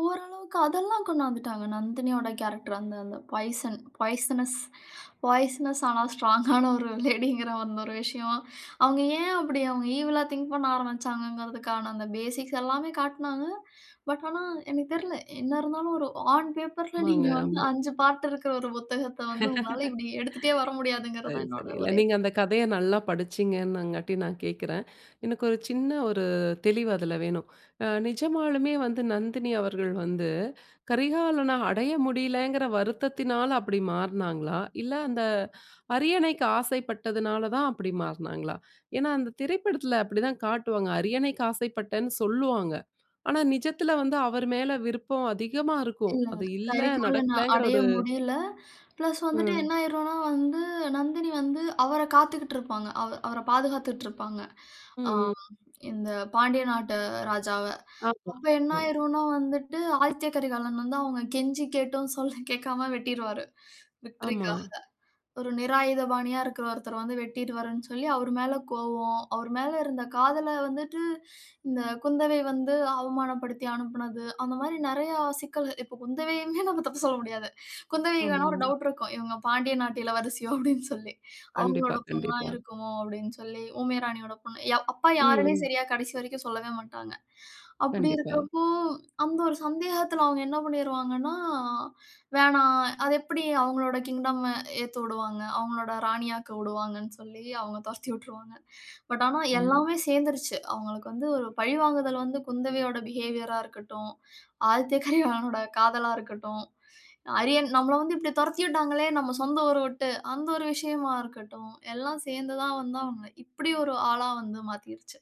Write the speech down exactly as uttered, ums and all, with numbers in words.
ஓரளவுக்கு அதெல்லாம் கொண்டு வந்துட்டாங்க. நந்தினியோட கேரக்டர் அந்த பாய்சன், பாய்சனஸ் பாய்சனஸ் ஆனா ஸ்ட்ராங் ஆன ஒரு லேடிங்கிற ஒரு விஷயம். அவுங்க ஏன் அப்பிடி அவுங்க ஈவில்லா திங்க் பண்ண ஆரம்பிச்சாங்கறதுக்கான அந்த பேசிக்ஸ் எல்லாமே காட்டினாங்க. பட் ஆனா எனக்குத் தெரியல. என்ன இருந்தாலும் ஒரு ஆன் பேப்பர்ஸ்ல ஆமாங்க, நீங்க வந்து ஆமா. அஞ்சு பாட்டு இருக்கற ஒரு புத்தகத்த வந்து உங்களால இப்பிடி எடுத்துட்டே வர முடியாதுங்கிறது சரி, தான் என்னோட சரி, இல்ல. ஒரே நீங்க அந்த கதைய நல்லா படிச்சிங்கன்னாங்காட்டி நான் கேக்கறேன். எனக்கு ஒரு சின்ன ஒரு தெளிவு அதில வேணும். அ நிஜமாலுமே வந்து நந்தினி அவர்கள் வந்து கரிகாலன அடைய முடியலேங்கிற வருத்தத்தினால அப்பிடி மாறுனாங்களா? இல்ல அந்த அரியணைக்கு ஆசைப்பட்டதுனால தான் அப்பிடி மாறுனாங்களா? ஏன்னா அந்த திரைப்படத்தில அப்பிடி தான் காட்டுவாங்க. அரியணைக்கு ஆசைப்பட்டேன்னு சொல்லுவாங்க. ஆனா நிஜத்தில வந்து அவரு மேல் விருப்பம் அதிகமா இருக்கும். இல்ல, அது இல்ல கரிகாலனா நடக்கலங்கிற அடைய ஒரு முடியல. பிளஸ் வந்துட்டு ம். என்ன ஆயிருன்னா வந்து நந்தினி வந்து அவர காத்துட்டு இருப்பாங்க. அ அவர பாதுகாத்துட்டு இருப்பாங்க. ம், ஆ ம். இந்த பாண்டிய நாட்டு ராஜாவ. ஆமா, அப்போ என்ன ஆமா. ஆயிருன்னா வந்துட்டு ஆதித்ய கரிகாலன் வந்து அவுங்க கெஞ்சி கேட்டும், சொல்ல கேட்காம வெட்டிடுவாரு. ஆமா. விக்டரிக்காக ஒரு நிராயுதபாணியா இருக்கற ஒருத்தர வந்து வெட்டி டுவார்ன்னு சொல்லி அவரு மேல கோபம், அவர் மேல இருந்த காதல வந்துட்டு இந்த குந்தவை வந்து அவமானப்படுத்தி அனுப்புனது. அந்த மாதிரி நிறைய சிக்கல்கள். இப்ப குந்தவையுமே நம்ம தப்பு சொல்ல முடியாது குந்தவைக்கு ஆமா, ஆனா ஒரு ஆமா. டவுட் இருக்கும். இவுங்க பாண்டிய நாட்டு இளவரசியோ அப்பிடின்னு சொல்லி, கண்டிப்பா, அவுங்களோட பெண்ணா கண்டிப்பா. இருக்குமோ? அப்பிடின்னு சொல்லி ஊமைய ராணியோட பொண்ணு அப்பா ம், யாருமே ம். சரியா கடைசி வரைக்கும் சொல்லவே மாட்டாங்க. அப்பிடி கண்டிப்பா. இருக்கிறப்போ! அந்த ஒரு சந்தேகத்தில அவுங்க என்ன பண்ணிருவாங்கன்னா, வேணாம். அது எப்பிடி அவுங்களோட கிங்டம் ஏத்து விடுவாங்க. அவுங்களோட ராணியாக்க உடுவாங்கன்னு சொல்லி, அவுங்க துரத்தி விட்டுருவாங்க. பட் ஆனா ஆமா. எல்லாமே சேர்ந்துருச்சு. அவுங்களுக்கு வந்து ஒரு பழிவாங்குதல் வந்து குந்தவையோட பிஹேவியர் ஆ இருக்கட்டு.ம் ஆதித்ய கரிகாலனோட காதலா இருக்கட்டும். அரியன் நம்மள வந்து இப்பிடி துரத்தி விட்டாங்களே நம்ம சொந்த ஊர விட்டு அந்த ஒரு விஷயமா இருக்கட்டும். எல்லாம் சேர்ந்து தான் வந்து அவுங்க இப்பிடி ஒரு ஆளா வந்து மாத்திருச்சு.